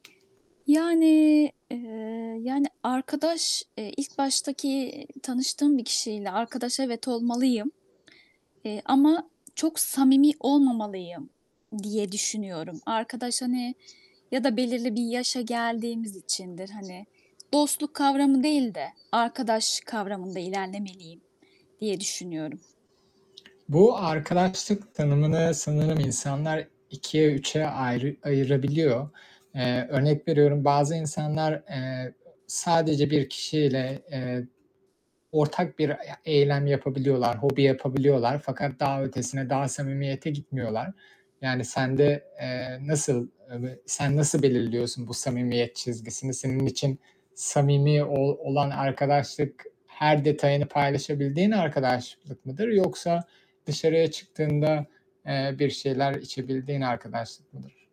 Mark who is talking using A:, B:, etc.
A: Yani, eee, yani, arkadaş, eee, ilk baştaki tanıştığım bir kişiyle arkadaş evet olmalıyım, eee, ama çok samimi olmamalıyım diye düşünüyorum. Arkadaş hani ya da belirli bir yaşa geldiğimiz içindir. Hani, dostluk kavramı değil de arkadaş kavramında ilerlemeliyim diye düşünüyorum.
B: Bu arkadaşlık tanımını sanırım insanlar 2'ye 3'e ayrı ayırabiliyor. Eee, örnek veriyorum, bazı insanlar, eee, sadece 1 kişiyle, eee, ortak bir ya eylem yapabiliyorlar, hobi yapabiliyorlar fakat daha ötesine, daha samimiyete gitmiyorlar. Yani, sende, eee, nasıl, eee, ve sen nasıl belirliyorsun bu samimiyet çizgisini? Senin için samimi ol olan arkadaşlık, her detayını paylaşabildiğin arkadaşlık mıdır yoksa dışarıya çıktığında, eee, bir şeyler içebildiğin arkadaşlık mıdır?